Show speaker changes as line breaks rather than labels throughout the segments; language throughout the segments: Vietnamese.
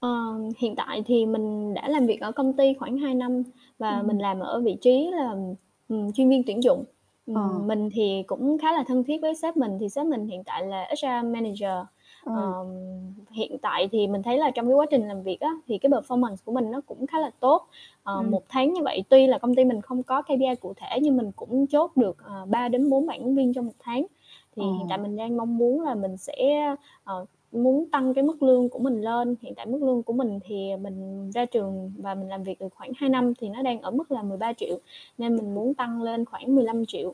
Ờ, hiện tại thì mình đã làm việc ở công ty khoảng 2 năm và
Ừm.
mình làm ở vị trí là, ừm, chuyên viên tuyển dụng.
Ờ.
Ừm, mình thì cũng khá là thân thiết với sếp mình, thì sếp mình hiện tại là HR manager.
Ờm.
Ờm, hiện tại thì mình thấy là trong cái quá trình làm việc á, thì cái performance của mình nó cũng khá là tốt, ờ,
Ừm.
1 tháng như vậy tuy là công ty mình không có KPI cụ thể, nhưng mình cũng chốt được, ờ, 3-4 bạn ứng viên trong 1 tháng.
Ờ.
Thì hiện tại mình đang mong muốn là mình sẽ, ờ, muốn tăng cái mức lương của mình lên, hiện tại mức lương của mình thì, à, mình ra trường và mình làm việc được khoảng 2 năm, thì nó đang ở mức là 13.000.000 nên
Ưm,
mình
ừm.
muốn tăng lên khoảng 15.000.000.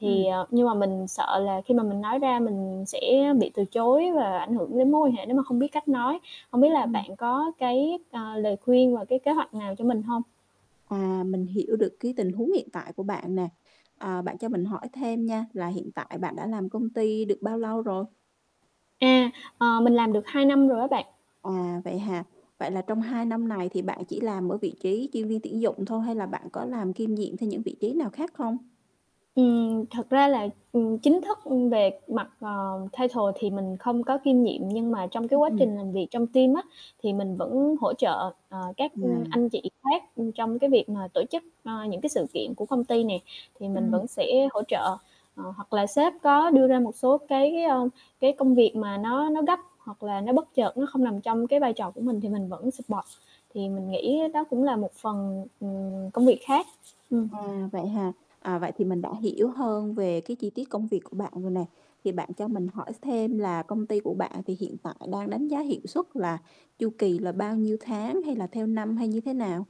Thì,
Ừm.
à nhưng mà mình sợ là khi mà mình nói ra mình sẽ bị từ chối và ảnh hưởng đến mối quan hệ nếu mà không biết cách nói, hông biết là
Ừm.
bạn có cái, à, lời khuyên và cái kế hoạch nào cho mình hông?
À, mình hiểu được cái tình huống hiện tại của bạn nè, ờ, bạn cho mình hỏi thêm nha là hiện tại bạn đã làm công ty được bao lâu rồi?
À, ờ, mình làm được 2 năm rồi á bạn.
À, vậy hả? Vậy là trong 2 năm này thì bạn chỉ làm ở vị trí chuyên viên tuyển dụng thôi hay là bạn có làm kiêm nhiệm thêm những vị trí nào khác không?
Ừm, thật ra là, ừm, chính thức về mặt, ờ, title thì mình không có kiêm nghiệm, nhưng mà trong cái
Ưm,
quá
ừm.
trình làm việc trong team á, thì mình vẫn hỗ trợ, ờ, các, ưm,
À.
anh chị khác, ưm, trong cái việc mà tổ chức, ờ, những cái sự kiện của công ty này, thì mình
Ừm.
vẫn sẽ hỗ trợ. Ờ, hoặc là sếp có đưa ra một số cái, ơ, cái công việc mà nó nó gấp hoặc là nó bất chợt, nó không nằm trong cái vai trò của mình thì mình vẫn support, thì mình nghĩ đó cũng là một phần, ừm, công việc khác. Ừm.
À, vậy hả? À, vậy thì mình đã hiểu hơn về cái chi tiết công việc của bạn rồi nè. Thì bạn cho mình hỏi s thêm là công ty của bạn thì hiện tại đang đánh giá hiệu suất là chu kỳ là bao nhiêu tháng, hay là theo năm, hay như thế nào?